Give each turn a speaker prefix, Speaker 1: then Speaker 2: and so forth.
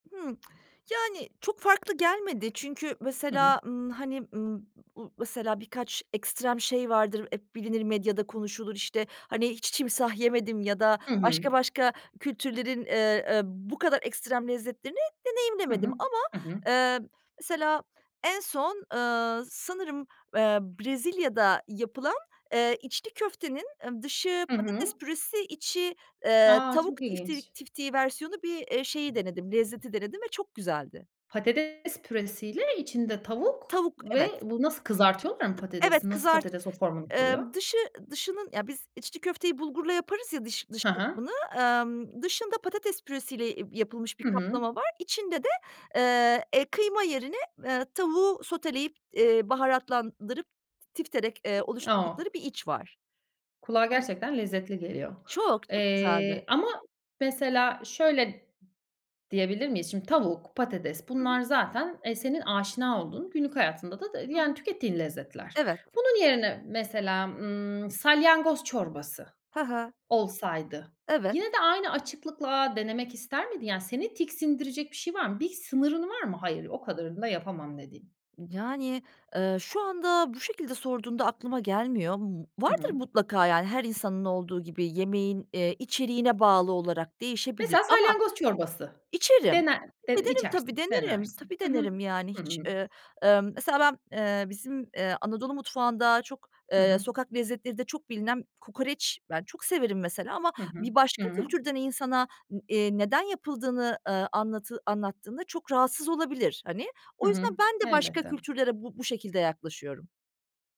Speaker 1: Hımm. Yani, çok farklı gelmedi çünkü
Speaker 2: Hı hı.
Speaker 1: mesela, ımm, hani, ımm, m mesela, birkaç ekstrem şey vardır, hep bilinir, medyada konuşulur, işte, hani, hiç timsah yemedim ya da
Speaker 2: Hı hı.
Speaker 1: başka başka kültürlerin, ııı, e, bu kadar ekstrem lezzetlerini
Speaker 2: Hı
Speaker 1: deneyimlemedim
Speaker 2: hı.
Speaker 1: ama,
Speaker 2: Hı hı.
Speaker 1: ııı, mesela en son, ııı, sanırım, ııı, Brezilya'da yapılan, ııı, içli köftenin dışı
Speaker 2: Hı
Speaker 1: patates
Speaker 2: hı.
Speaker 1: püresi içi, ııı,
Speaker 2: A, çok
Speaker 1: tavuk
Speaker 2: ilginç.
Speaker 1: tiftik tiftiği versiyonu bir, eee, şeyi denedim, lezzeti denedim ve çok güzeldi.
Speaker 2: Patates püresiyle içinde tavuk
Speaker 1: Tavuk,
Speaker 2: ve
Speaker 1: evet.
Speaker 2: bu Nasıl kızartıyorlar mı
Speaker 1: T evet,
Speaker 2: patatesi? Nasıl
Speaker 1: kızartı
Speaker 2: patates o formunu koruyor?
Speaker 1: Imm, dışı dışının, ya biz içli köfteyi bulgurla yaparız ya dış dış
Speaker 2: Hı hı.
Speaker 1: kısmını, ımm, dışında patates, e, püresiyle yapılmış bir
Speaker 2: Hı hı.
Speaker 1: kaplama var. İçinde de, ııı, e, kıyma yerine, ııı, tavuğu soteleyip, eee, baharatlandırıp, tifterek, eee,
Speaker 2: O!
Speaker 1: oluşturdukları bir iç var.
Speaker 2: Kulağa gerçekten lezzetli geliyor.
Speaker 1: Çok, çok
Speaker 2: Eee,
Speaker 1: güzeldi.
Speaker 2: ama mesela, şöyle d diyebilir miyiz? Şimdi tavuk, patates,
Speaker 1: Hı
Speaker 2: bunlar
Speaker 1: hı.
Speaker 2: zaten, e, senin aşina olduğun, günlük hayatında da,
Speaker 1: Hı
Speaker 2: yani,
Speaker 1: hı.
Speaker 2: tükettiğin lezzetler.
Speaker 1: Evet.
Speaker 2: Bunun yerine, mesela, ımm, salyangoz çorbası
Speaker 1: Hı hı.
Speaker 2: olsaydı,
Speaker 1: Evet.
Speaker 2: yine de aynı açıklıkla denemek ister miydin? Yani, seni tiksindirecek bir şey var mı? Bir sınırın var mı? "Hayır, o kadarını da yapamam." dediğin.
Speaker 1: Yani, ııı, şu anda bu şekilde sorduğunda aklıma gelmiyor ama
Speaker 2: Hı
Speaker 1: vardır
Speaker 2: hı.
Speaker 1: mutlaka. Yani, her insanın olduğu gibi yemeğin, eee, içeriğine bağlı olarak değişebilir
Speaker 2: Mesela,
Speaker 1: ama
Speaker 2: salyangoz çorbası.
Speaker 1: içerim.
Speaker 2: Dener de
Speaker 1: Denerim tabii,
Speaker 2: içersin.
Speaker 1: denerim.
Speaker 2: Denersin.
Speaker 1: Tabii
Speaker 2: Hı hı.
Speaker 1: denerim, yani
Speaker 2: Hı hı.
Speaker 1: hiç, ııı, ııı, mesela ben, ııı, bizim, ııı, Anadolu mutfağında çok,
Speaker 2: Hı
Speaker 1: ııı,
Speaker 2: hı.
Speaker 1: sokak lezzetlerinde çok bilinen kokoreç. Ben çok severim mesela ama
Speaker 2: Hı hı.
Speaker 1: bir başka
Speaker 2: Hıı.
Speaker 1: kültürden insana, iii, neden yapıldığını, ııı, anlatı anlattığında çok rahatsız olabilir, hani.
Speaker 2: Hı
Speaker 1: O
Speaker 2: hı.
Speaker 1: yüzden ben de başka
Speaker 2: Elbette.
Speaker 1: kültürlere bu bu şekilde yaklaşıyorum.